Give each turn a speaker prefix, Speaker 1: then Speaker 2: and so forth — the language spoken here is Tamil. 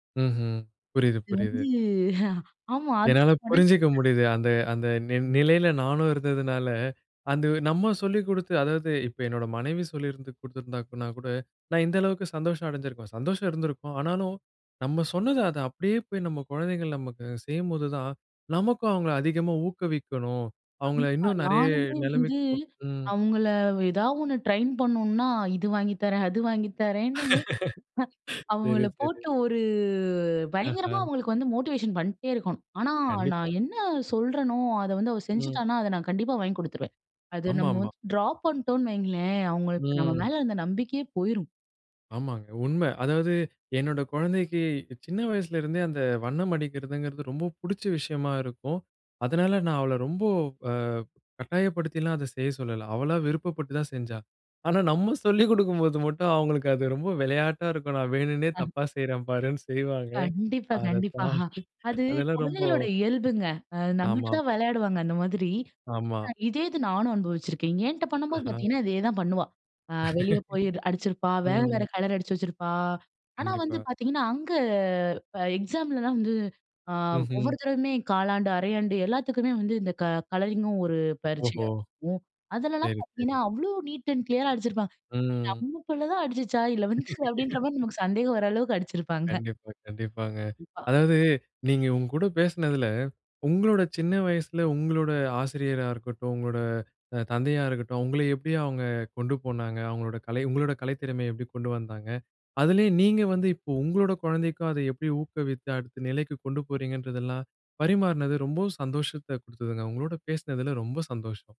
Speaker 1: ம்ஹ்ம். புரியிது,
Speaker 2: இது
Speaker 1: புரியிது.
Speaker 2: வந்து, ஆமா அது
Speaker 1: என்னால புரிஞ்சுக்க
Speaker 2: [unintelligible]
Speaker 1: முடியுது. அந்த அந்த நி நிலையில நானும் இருந்ததுனால, அந்த நம்ம சொல்லி குடுத்து அதாவது இப்போ என்னோட மனைவி சொல்லியிருந்து, குடுத்துருந்தானா கூட நான் இந்த அளவுக்கு சந்தோஷம் அடைஞ்சுருக்கும். சந்தோஷம் இருந்துருக்கும், ஆனாலும் நம்ம சொன்னது அத அப்டியே போய் நம்ம குழந்தைகள் நமக்கு செய்யும்போது தான், நமக்கும் அவுங்கள அதிகமா ஊக்குவிக்கணும், அவங்கள
Speaker 2: கண்டிப்பா,
Speaker 1: இன்னும் நெறைய
Speaker 2: நானுமே வந்து
Speaker 1: நெலைமைக்கு கு ம்.
Speaker 2: அவுங்கள ஏதா ஒண்ணு ட்ரெயின் பண்ணணுனா இது வாங்கி தரேன், அது வாங்கி தரேன்னு.
Speaker 1: சேரி,
Speaker 2: அவங்கள
Speaker 1: சேரி.
Speaker 2: போட்டு ஒரு பயங்கரமா
Speaker 1: அஹ.
Speaker 2: அவங்களுக்கு வந்து மோட்டிவேஷன் பண்ணிட்டே இருக்கணும். ஆனா,
Speaker 1: கண்டிப்பா.
Speaker 2: நான் என்ன சொல்றேனோ அத வந்து அவ
Speaker 1: ம்.
Speaker 2: செஞ்சுட்டானா, அத நான் கண்டிப்பா வாங்கி குடுத்துருவேன். அத
Speaker 1: ஆமா,
Speaker 2: நம்ம
Speaker 1: ஆமா.
Speaker 2: வந்து ட்ராப் பண்ணிட்டோன்னு வைங்களேன், அவங்களுக்கு நம்ம
Speaker 1: ம்.
Speaker 2: மேல இருந்த நம்பிக்கையே போயிரும்.
Speaker 1: ஆமாங்க, உண்ம. அதாவது என்னோட குழந்தைக்கு, சின்ன வயசுலேருந்தே அந்த வண்ணம் அடிக்கிறதுங்கிறது ரொம்ப புடிச்ச விஷயமா இருக்கும். அதனால நான் அவள ரொம்ப அ கட்டாயப்படுத்திலாம் அத செய்ய சொல்லல, அவளா விருப்பப்பட்டு தான் செஞ்சா. ஆனா, நம்ம சொல்லிக் குடுக்கும்போது மட்டும் அவங்களுக்கு அது ரொம்ப விளையாட்டா இருக்கும். நான் வேணுன்னே தப்பா செய்றேன் பாருன்னு செய்வாங்க.
Speaker 2: கண்டிப்பா,
Speaker 1: அத
Speaker 2: கண்டிப்பா.
Speaker 1: தாண்டி
Speaker 2: அது
Speaker 1: அதெல்லாம் ரொம்போ
Speaker 2: குழந்தைகளோட இயல்புங்க. அ நம்மட்ட தான்
Speaker 1: ஆமாமா.
Speaker 2: விளையாடுவாங்க அந்த மாதிரி.
Speaker 1: ஆமா.
Speaker 2: இதே இது நானும் அனுபவிச்சிருக்கேன். என்ட்ட பண்ணும்போது
Speaker 1: அஹ.
Speaker 2: பார்த்தீங்கன்னா, இதே தான் பண்ணுவா. அ வெளியே போய் அடிச்சிருப்பா, வேற வேற
Speaker 1: ம்.
Speaker 2: கலர் அடிச்சு வச்சிருப்பா. ஆனா வந்து
Speaker 1: கண்டிப்பா.
Speaker 2: பார்த்தீங்கன்னா, அங்க எக்ஸாமலலாம் வந்து ஆ
Speaker 1: ம்ஹ்ம்.
Speaker 2: ஒவ்வொரு தடவையுமே காலாண்டு, அரையாண்டு எல்லாத்துக்குமே வந்து இந்த க கலரிங்கும் ஒரு
Speaker 1: ஓஹோ!
Speaker 2: பரிட்சையாகும். அதுலலாம்
Speaker 1: சரி,
Speaker 2: பார்த்தீங்கன்னா,
Speaker 1: சரி.
Speaker 2: அவ்ளோ நீட் அண்ட் கிளியரா அடிச்சிருப்பா.
Speaker 1: ம்.
Speaker 2: நம்ம புள்ள தான் அடிச்சிச்சா? இல்ல வந்து அப்டின்ற மாதிரி நமக்கு சந்தேகம் வர அளவுக்கு அடிச்சிருப்பாங்க.
Speaker 1: கண்டிப்பா, கண்டிப்பாங்க.
Speaker 2: [unintelligible]
Speaker 1: அதாவது நீங்க உங்க கூட பேசுனதுல, உங்களோட சின்ன வயசுல உங்களோட ஆசிரியரா இருக்கட்டும், உங்களோட த தந்தையா இருக்கட்டும், உங்கள எப்டி அவங்க கொண்டு போனாங்க. அவங்களோட கலை உங்களோட கலைத்திறமையை எப்டி கொண்டு வந்தாங்க. அதிலயே நீங்க வந்து இப்போ உங்களோட குழந்தைக்கும் அத எப்டி ஊக்குவித்து அடுத்த நிலைக்கு கொண்டு போகிறீங்கன்றதெல்லாம், பரிமாறுனது ரொம்பவும் சந்தோஷத்த குடுத்ததுங்க. உங்களோட பேசுனதுல ரொம்ப சந்தோஷம்.